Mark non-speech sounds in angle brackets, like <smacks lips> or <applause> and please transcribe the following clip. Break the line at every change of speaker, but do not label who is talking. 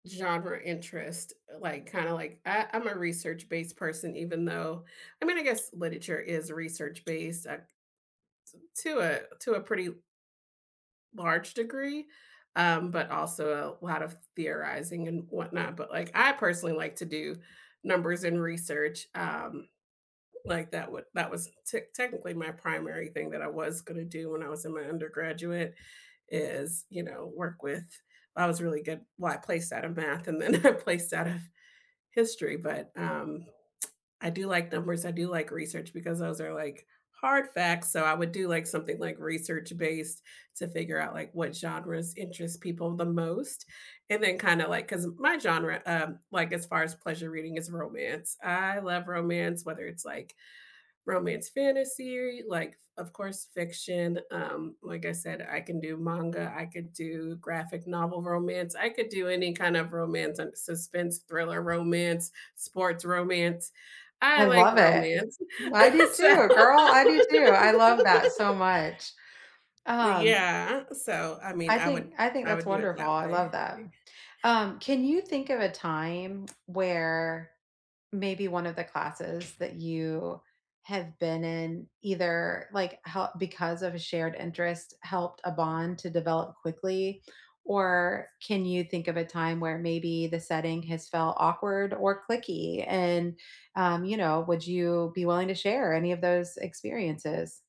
Genre interest, eh, like kinda, like I I'm a research-based person even though I mean, I guess literature is research-based s uh, to to a to a pretty l large degree, um, but also a lot of theorizing and whatnot, but, like, I personally like to do numbers and research, um, like, that would that was tech technically my primary thing that I was gonna do when I was in my undergraduate is, you know, work with I was really good well, I placed out of math and then I placed out of history, but, um, <smacks lips> I do like numbers, I do like research because those are, like, hard facts, so I would do, like, something, like, research-based to figure out, like, what genres interest people the most, and then kinda like 'cause my genre, um, like, as far as pleasure reading, is romance. I love romance, whether it's, like, romance fantasy, like, of course, fiction, um, like I said, I can do manga, I could do graphic novel romance, I could do any kind of romance and suspense-thriller romance, sports romance; I
I
like
love it.
romance.
I do
<chuckles> So
too, girl, I do too, I love that so
<laughs>
much. Um
Yeah, so, I mean,
I
I would
think I think
I
that's
would do it
wonderful,
that
I love
way.
that.
Y
Um, can you think of a time where maybe one of the classes that you have been in, either like, how because of a shared interest, helped a bond to develop quickly, or can you think of a time where maybe the setting has felt awkward or cliquey, and, um, you know, would you be willing to share any of those experiences?